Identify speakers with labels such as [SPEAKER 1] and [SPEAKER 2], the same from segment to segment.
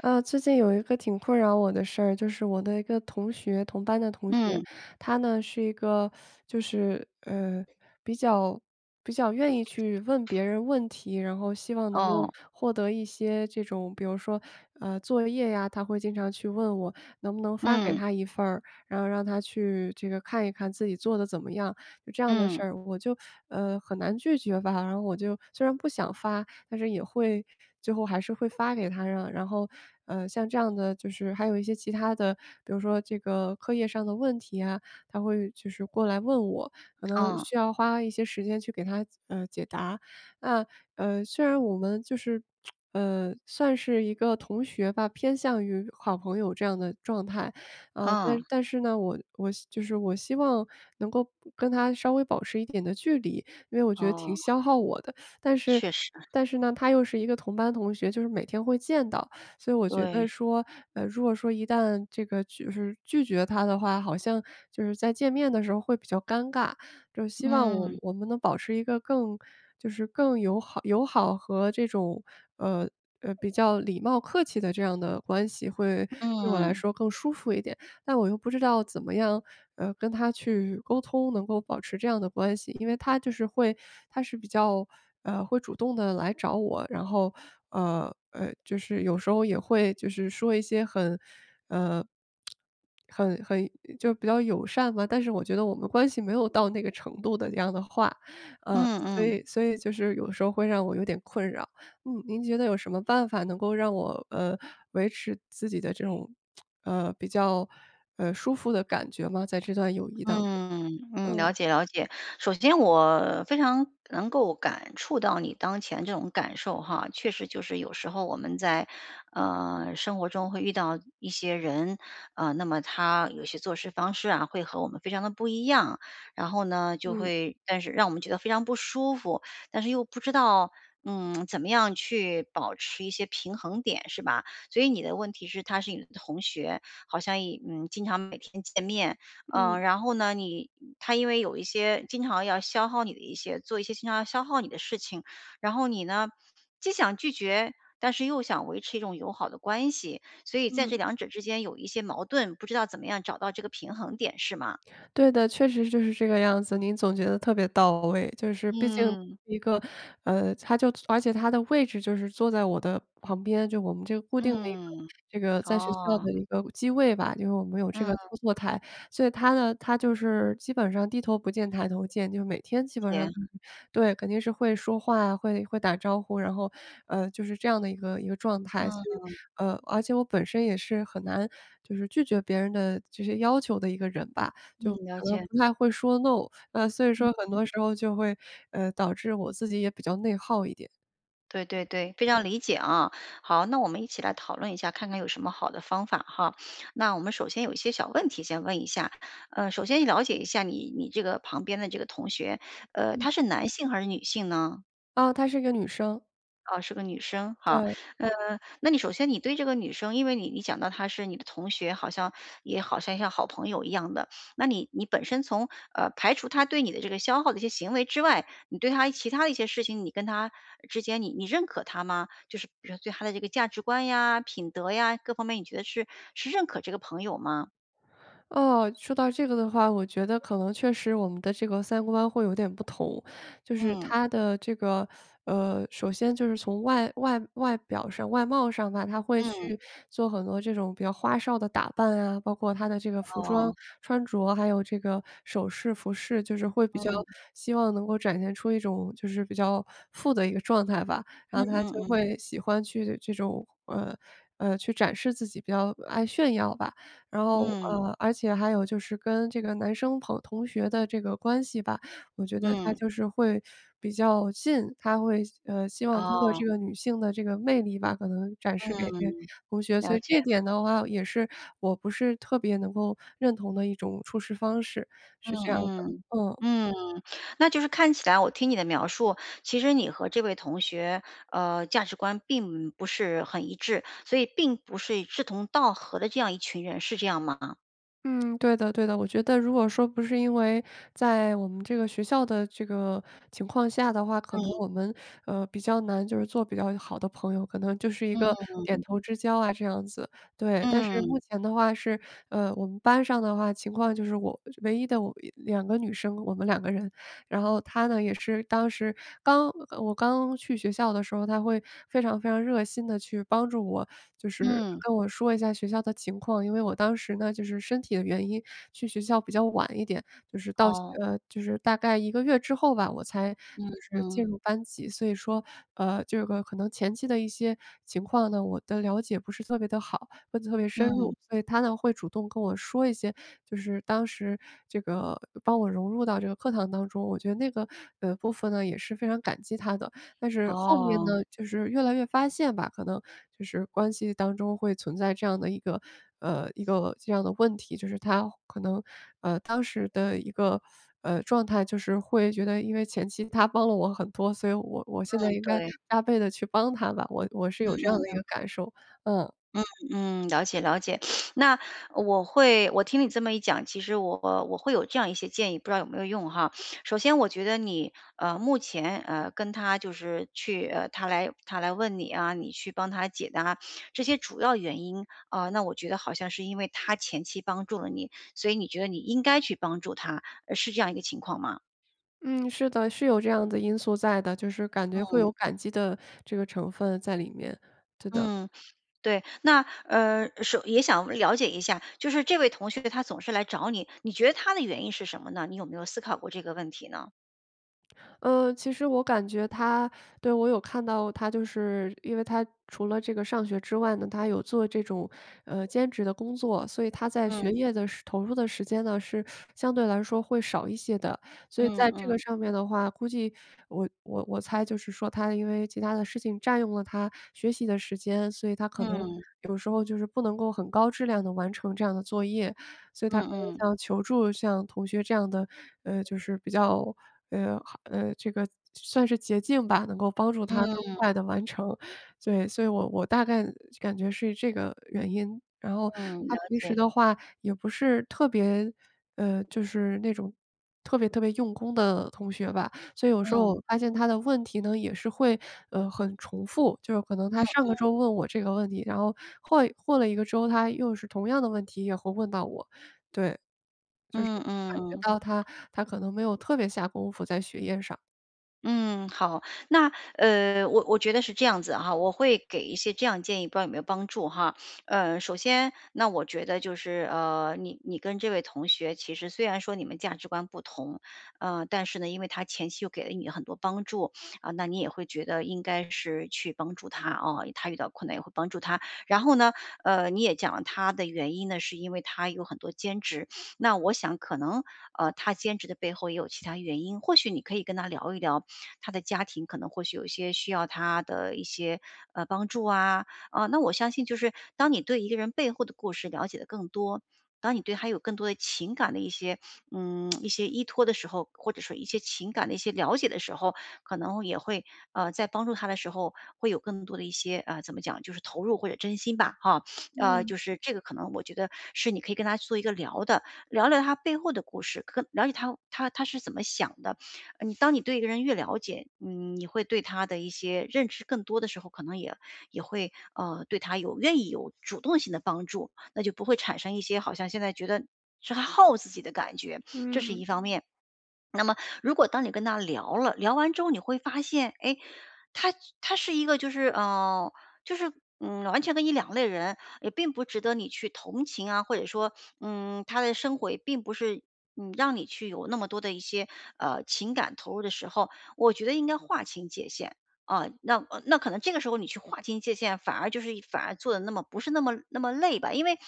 [SPEAKER 1] 呃，最近有一个挺困扰我的事儿。就是我的一个同学，同班的同学。
[SPEAKER 2] 嗯。
[SPEAKER 1] 她呢是一个，就是，呃，比较比较愿意去问别人问题，然后希望能
[SPEAKER 2] 哦。
[SPEAKER 1] 够获得一些这种比如说，呃，作业呀，她会经常去问我，能不能发给
[SPEAKER 2] 嗯。
[SPEAKER 1] 她一份儿？然后让她去这个看一看自己做得怎么样。就这样的
[SPEAKER 2] 嗯。
[SPEAKER 1] 事儿，我就，呃，很难拒绝吧，然后我就虽然不想发，但是也会最后还是会发给她啊。然后，呃，像这样的就是还有一些其它的，比如说这个课业上的问题啊，她会就是过来问我，可能
[SPEAKER 2] 嗯。
[SPEAKER 1] 需要花一些时间去给她，呃，解答。那，呃，虽然我们就是，呃，算是一个同学吧，偏向于好朋友这样的状态，呃，但
[SPEAKER 2] 嗯。
[SPEAKER 1] 但是呢，我我就是我希望能够不跟她稍微保持一点的距离，因为我觉得挺
[SPEAKER 2] 哦。
[SPEAKER 1] 消耗我的。但是
[SPEAKER 2] 确实。
[SPEAKER 1] 但是呢，她又是一个同班同学，就是每天会见到。所以我觉得
[SPEAKER 2] 对。
[SPEAKER 1] 说，呃，如果说一旦这个就是拒绝她的话，好像，就是在见面的时候会比较尴尬。就是希望我
[SPEAKER 2] 嗯。
[SPEAKER 1] 我们能保持一个更就是更友好友好和这种，呃，呃比较礼貌客气的这样的关系，会对我来
[SPEAKER 2] 嗯。
[SPEAKER 1] 说更舒服一点。但我又不知道怎么样，呃，跟她去沟通能够保持这样的关系。因为她就是会她是比较，呃，会主动地来找我，然后，呃，呃，就是有时候也会就是说一些很，呃，很很就比较友善吧，但是我觉得我们关系没有到那个程度的那样的话，呃，
[SPEAKER 2] 嗯
[SPEAKER 1] 所
[SPEAKER 2] 嗯。
[SPEAKER 1] 以所以就是有时候会让我有点困扰。嗯，您觉得有什么办法能够让我，呃，维持自己的这种，呃，比较，呃，舒服的感觉吗？在这段友谊当中，
[SPEAKER 2] 嗯，嗯，
[SPEAKER 1] 嗯。
[SPEAKER 2] 了解了解。首先我，非常能够感触到你当前这种感受哈，确实就是有时候我们在，呃，生活中会遇到一些人，呃，那么她有些做事方式啊，会和我们非常地不一样。然后呢，就
[SPEAKER 1] 嗯。
[SPEAKER 2] 会但是让我们觉得非常不舒服，但是又不知道，嗯，怎么样去，保持一些平衡点是吧？所以你的问题是她是你的同学，好像也嗯，经常每天见面，呃，
[SPEAKER 1] 嗯。
[SPEAKER 2] 然后呢，你她因为有一些经常要消耗你的一些做一些经常要消耗你的事情，然后你呢，既想拒绝，但是又想维持一种友好的关系。所以在这
[SPEAKER 1] 嗯。
[SPEAKER 2] 两者之间有一些矛盾，不知道怎么样找到这个平衡点是吗？
[SPEAKER 1] 对的，确实就是这个样子，您总结得特别到位。就是毕竟
[SPEAKER 2] 嗯。
[SPEAKER 1] 一个，呃，她就而且她的位置就是坐在我的旁边，就我们这个固定的一个
[SPEAKER 2] 嗯，
[SPEAKER 1] 这个在学校
[SPEAKER 2] 哦。
[SPEAKER 1] 的一个机位吧，就因为我们有这个
[SPEAKER 2] 嗯。
[SPEAKER 1] 操作台。所以她呢她就是基本上低头不见抬头见，就每天基本上嗯
[SPEAKER 2] 天。
[SPEAKER 1] 嗯，对，肯定是会说话呀，会会打招呼，然后，呃，就是这样的一个一个状态。所以，
[SPEAKER 2] 嗯。
[SPEAKER 1] 呃，而且我本身也是很难就是拒绝别人的，这些要求的一个人吧，就
[SPEAKER 2] 嗯，了
[SPEAKER 1] 可能
[SPEAKER 2] 解。
[SPEAKER 1] 不太会说 NO，呃，所以
[SPEAKER 2] 嗯
[SPEAKER 1] 说很
[SPEAKER 2] 嗯。
[SPEAKER 1] 多时候就会，呃，导致我自己也比较内耗一点。
[SPEAKER 2] 对对对，非常理解啊。好，那我们一起来讨论一下，看看有什么好的方法哈。那我们首先有一些小问题先问一下，呃，首先了解一下你你这个旁边的这个同学，呃，
[SPEAKER 1] 嗯。
[SPEAKER 2] 他是男性还是女性呢？
[SPEAKER 1] 哦，她是一个女生。
[SPEAKER 2] 啊，是个女生，哈。
[SPEAKER 1] 对
[SPEAKER 2] 嗯，那你首先你对这个女生，因为你你讲到她是你的同学，好像也好像像好朋友一样的。那你你本身从，呃，排除她对你的这个消耗的一些行为之外，你对她其它的一些事情，你跟她之间，你你认可她吗？就是比如说对她的这个价值观呀、品德呀，各方面你觉得是是认可这个朋友吗？
[SPEAKER 1] 哦，说到这个的话，我觉得可能确实我们的这个三观会有点不同。就是
[SPEAKER 2] 嗯。
[SPEAKER 1] 她的这个，呃，首先就是从外外外表上外貌上吧，她会
[SPEAKER 2] 嗯。
[SPEAKER 1] 去做很多这种比较花哨的打扮啊，包括她的这个服装
[SPEAKER 2] 哦。
[SPEAKER 1] 穿着，还有这个首饰、服饰，就是会比较
[SPEAKER 2] 嗯。
[SPEAKER 1] 希望能够展现出一种就是比较富的一个状态吧。
[SPEAKER 2] 嗯
[SPEAKER 1] 然后她就
[SPEAKER 2] 嗯嗯。
[SPEAKER 1] 会喜欢去的这种，呃，呃，去展示自己，比较爱炫耀吧。然后，
[SPEAKER 2] 嗯。
[SPEAKER 1] 呃，而且还有就是跟这个男生朋同学的这个关系吧，我觉得她
[SPEAKER 2] 嗯。
[SPEAKER 1] 就是会比较信她会呃，希望通过
[SPEAKER 2] 哦。
[SPEAKER 1] 这个女性的这个魅力吧，可能展示给
[SPEAKER 2] 嗯，
[SPEAKER 1] 同学，所
[SPEAKER 2] 了
[SPEAKER 1] 以
[SPEAKER 2] 解。
[SPEAKER 1] 这一点的话，也是我不是特别能够认同的一种处事方式，
[SPEAKER 2] 嗯
[SPEAKER 1] 是这样的，
[SPEAKER 2] 嗯，
[SPEAKER 1] 嗯。
[SPEAKER 2] 嗯，那就是看起来我听你的描述，其实你和这位同学，呃，价值观并不是很一致，所以并不是一志同道合的这样一群人，是这样吗？
[SPEAKER 1] 嗯，对的对的。我觉得如果说不是因为，在我们这个学校的这个情况下的话，可能
[SPEAKER 2] 嗯。
[SPEAKER 1] 我们，呃，比较难就是做比较一好的朋友，可能就是一个
[SPEAKER 2] 嗯。
[SPEAKER 1] 点头之交啊这样子，对。但是
[SPEAKER 2] 嗯。
[SPEAKER 1] 目前的话是，呃，我们班上的话情况就是我唯一的我两个女生，我们两个人。然后她呢也是当时，刚呃我刚去学校的时候她会非常非常热心地去帮助我，就是
[SPEAKER 2] 嗯。
[SPEAKER 1] 跟我说一下学校的情况。因为我当时呢就是身体的原因，去学校比较晚一点，就是到校
[SPEAKER 2] 哦。
[SPEAKER 1] 呃，就是大概1个月之后吧，我才
[SPEAKER 2] 嗯
[SPEAKER 1] 就是进
[SPEAKER 2] 嗯。
[SPEAKER 1] 入班级。所以说，呃，这个可能前期的一些情况呢我的了解不是特别地好，问得特别深
[SPEAKER 2] 嗯。
[SPEAKER 1] 入。所以她呢会主动跟我说一些就是当时这个帮我融入到这个课堂当中，我觉得那个，呃，部分呢也是非常感激她的。但是后面
[SPEAKER 2] 哦。
[SPEAKER 1] 呢，就是越来越发现吧，可能就是关系当中会存在这样的一个，呃，一个这样的问题，就是她可能，呃，当时的一个，呃，状态就是会觉得因为前期她帮了我很多，所以我我现
[SPEAKER 2] 嗯，
[SPEAKER 1] 在应该，
[SPEAKER 2] 对。
[SPEAKER 1] 加倍地去帮她吧。我我是
[SPEAKER 2] 嗯
[SPEAKER 1] 有这样
[SPEAKER 2] 嗯
[SPEAKER 1] 的一
[SPEAKER 2] 嗯。
[SPEAKER 1] 个感受，嗯。
[SPEAKER 2] 嗯嗯，了解了解。那，我会我听你这么一讲，其实我我会有这样一些建议，不知道有没有用哈。首先我觉得你，呃，目前，呃，跟她就是去，呃，她来她来问你啊，你去帮她解答，这些主要原因，啊，那我觉得好像是因为她前期帮助了你，所以你觉得你应该去帮助她，呃，是这样一个情况吗？
[SPEAKER 1] 嗯，是的，是有这样的因素在的，就是感觉会
[SPEAKER 2] 嗯。
[SPEAKER 1] 有感激的这个成分在里面，对的。
[SPEAKER 2] 嗯，对，那，呃首也想了解一下，就是这位同学他总是来找你，你觉得他的原因是什么呢？你有没有思考过这个问题呢？
[SPEAKER 1] 呃，其实我感觉他对，我有看到他就是因为他除了这个上学之外呢，他还有做这种，呃，兼职的工作，所以他在学
[SPEAKER 2] 嗯。
[SPEAKER 1] 业的时投入的时间呢，是相对来说会少一些的。所以
[SPEAKER 2] 嗯
[SPEAKER 1] 在这个
[SPEAKER 2] 嗯。
[SPEAKER 1] 上面的话估计我我我猜就是说他因为其它的事情占用了他学习的时间，所以他可能
[SPEAKER 2] 嗯。
[SPEAKER 1] 有时候就是不能够很高质量地完成这样的作业。所以他
[SPEAKER 2] 嗯
[SPEAKER 1] 可
[SPEAKER 2] 嗯。
[SPEAKER 1] 能像求助像同学这样的，呃，就是比较，呃好，呃，这个，算算是捷径吧，能够帮助他更
[SPEAKER 2] 嗯。
[SPEAKER 1] 快地完成，对，所以我我大概感觉是这个原因。然后
[SPEAKER 2] 嗯，
[SPEAKER 1] 他
[SPEAKER 2] 了
[SPEAKER 1] 平时
[SPEAKER 2] 解。
[SPEAKER 1] 的话也不是特别呃，就是那种特别特别用功的同学吧。所以有时候
[SPEAKER 2] 嗯。
[SPEAKER 1] 我发现他的问题呢，也是会，呃，很重复，就是可能
[SPEAKER 2] 嗯
[SPEAKER 1] 他上个
[SPEAKER 2] 嗯。
[SPEAKER 1] 周问我这个问题，然后换过了一个周，他又是同样的问题，也会问到我，对，就是
[SPEAKER 2] 嗯
[SPEAKER 1] 感
[SPEAKER 2] 嗯
[SPEAKER 1] 觉
[SPEAKER 2] 嗯。
[SPEAKER 1] 到他他可能没有特别下功夫在学业上。
[SPEAKER 2] 嗯，好。那，呃，我我觉得是这样子啊，我会给一些这样建议，不知道有没有帮助哈。呃，首先那我觉得就是，呃，你你跟这位同学其实虽然说你们价值观不同，呃，但是呢，因为她前期又给了你很多帮助，啊，那你也会觉得应该是去帮助她，哦，她遇到困难也会帮助她。然后呢，呃，你也讲了她的原因呢，是因为她有很多兼职。那我想可能，呃，她兼职的背后也有其它原因，或许你可以跟她聊一聊，她的家庭可能或许有一些需要她的一些，呃，帮助啊。呃，那我相信就是当你对一个人背后的故事了解得更多，当你对她有更多的情感的一些，嗯，一些依托的时候，或者说一些情感的一些了解的时候。可能也会，啊，在帮助她的时候会有更多的一些，啊，怎么讲就是投入或者真心吧，哈。呃，
[SPEAKER 1] 嗯。
[SPEAKER 2] 就是这个可能我觉得是你可以跟她做一个聊的，聊聊她背后的故事，可了解她她她是怎么想的？呃，当你对一个人越了解，嗯，你会对她的一些认知更多的时候，可能也也会，呃，对她有愿意有主动性地帮助，那就不会产生一些好像现在觉得是耗自己的感觉，这是一
[SPEAKER 1] 嗯。
[SPEAKER 2] 方面。那么如果当你跟她聊了，聊完之后，你会发现，诶，她她是一个就是，呃，就是，嗯，完全跟你两类人，也并不值得你去同情啊，或者说，嗯，她的生活也并不是，嗯，让你去有那么多的一些，呃，情感投入的时候，我觉得应该划清界限，啊。那那可能这个时候你去划清界限，反而就是反而做得那么不是那么那么累吧。因为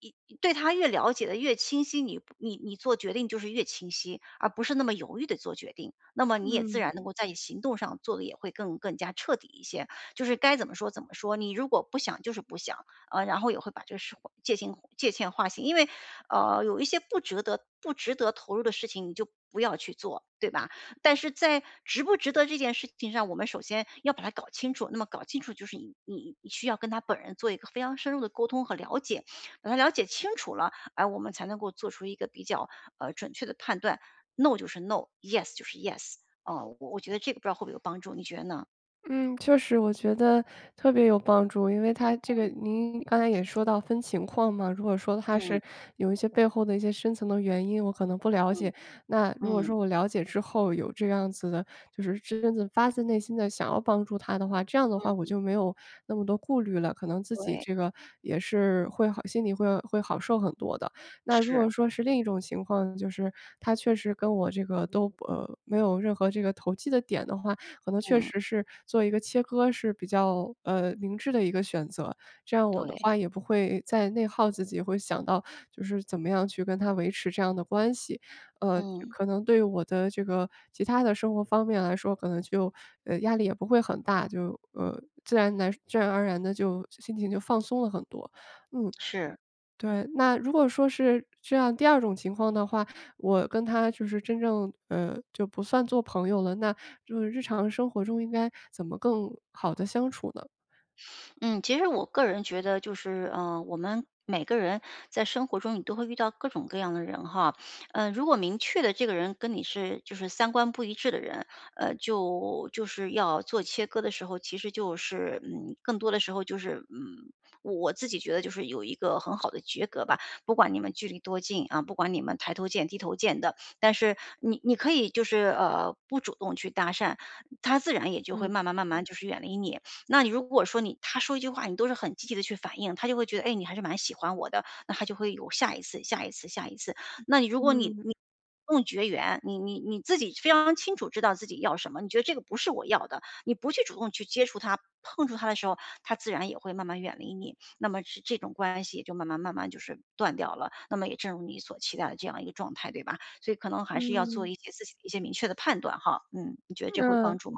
[SPEAKER 2] 因因对她越了解得越清晰，你你做决定就是越清晰，而不是那么犹豫地做决定，那么你也自
[SPEAKER 1] 嗯。
[SPEAKER 2] 然能够在你行动上做得也会更更加彻底一些。就是该怎么说怎么说，你如果不想就是不想，啊，然后也会把这个事划界清界限划清。因为，呃，有一些不值得不值得投入的事情你就不要去做，对吧？但是在值不值得这件事情上，我们首先要把它搞清楚，那么搞清楚，就是你你需要跟她本人做一个非常深入的沟通和了解，把她了解清楚了，啊，我们才能够做出一个比较，呃，准确的判断。NO 就是 NO，YES 就是 YES，啊，我我觉得这个不知道会不会有帮助，你觉得呢？
[SPEAKER 1] 嗯，确实我觉得特别有帮助，因为他这个
[SPEAKER 2] 嗯。
[SPEAKER 1] 您刚才也说到分情况嘛。如果说他
[SPEAKER 2] 嗯。
[SPEAKER 1] 是有一些背后的一些深层的原因，我可能不了
[SPEAKER 2] 嗯。
[SPEAKER 1] 解，那如果
[SPEAKER 2] 嗯。
[SPEAKER 1] 说我了解之后有这样子的就是真正发自内心地想要帮助他的话，这样的话我
[SPEAKER 2] 嗯。
[SPEAKER 1] 就没有那么多顾虑了，可能自己
[SPEAKER 2] 对。
[SPEAKER 1] 这个也是会好心里会会好受很多的。那如
[SPEAKER 2] 是。
[SPEAKER 1] 果说是另一种情况，就是他确实跟我这个都呃，没有任何这个投机的点的话，可能确
[SPEAKER 2] 嗯。
[SPEAKER 1] 实是做一个切割是比较，呃，明智的一个选择，这样我的
[SPEAKER 2] 对。
[SPEAKER 1] 话也不会再内耗自己，或想到就是怎么样去跟他维持这样的关系。呃，
[SPEAKER 2] 嗯。
[SPEAKER 1] 可能对于我的这个其它的生活方面来说，可能就呃，压力也不会很大，就，呃，自然来自然而然地就心情就放松了很多。嗯，
[SPEAKER 2] 是。
[SPEAKER 1] 对。那如果说是这样，第二种情况的话，我跟他就是真正，呃就不算作朋友了，那就是日常生活中应该怎么更好地相处呢？
[SPEAKER 2] 嗯，其实我个人觉得就是，呃，我们每个人在生活中你都会遇到各种各样的人吼，呃，如果明确的这个人跟你是就是三观不一致的人，呃，就就是要做切割的时候，其实就是，嗯，更多的时候就是，嗯我自己觉得就是有一个很好的绝隔吧，不管你们距离多近，啊，不管你们抬头见低头见的，但是你你可以就是，呃，不主动去搭讪，他自然也就会
[SPEAKER 1] 嗯。
[SPEAKER 2] 慢慢慢慢就是远离你。那你如果说你他说一句话，你都是很积极地去反应，他就会觉得“哎，你还是蛮喜欢我的”，那他就会有下一次下一次下一次。那你如果你
[SPEAKER 1] 嗯。
[SPEAKER 2] 你主动绝缘，你你你自己非常清楚知道自己要什么，你觉得这个不是我要的，你不去主动去接触他、碰触他的时候，他自然也会慢慢远离你。那么这种关系就慢慢慢慢就是断掉了，那么也正如你所期待的这样一个状态，对吧？所以可能还是要做
[SPEAKER 1] 嗯。
[SPEAKER 2] 一些自己的一些明确的判断吼，嗯。你觉得这会有帮
[SPEAKER 1] 嗯。
[SPEAKER 2] 助吗？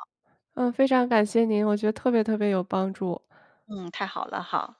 [SPEAKER 1] 呃，非常感谢您，我觉得特别特别有帮助。
[SPEAKER 2] 嗯，太好了哈。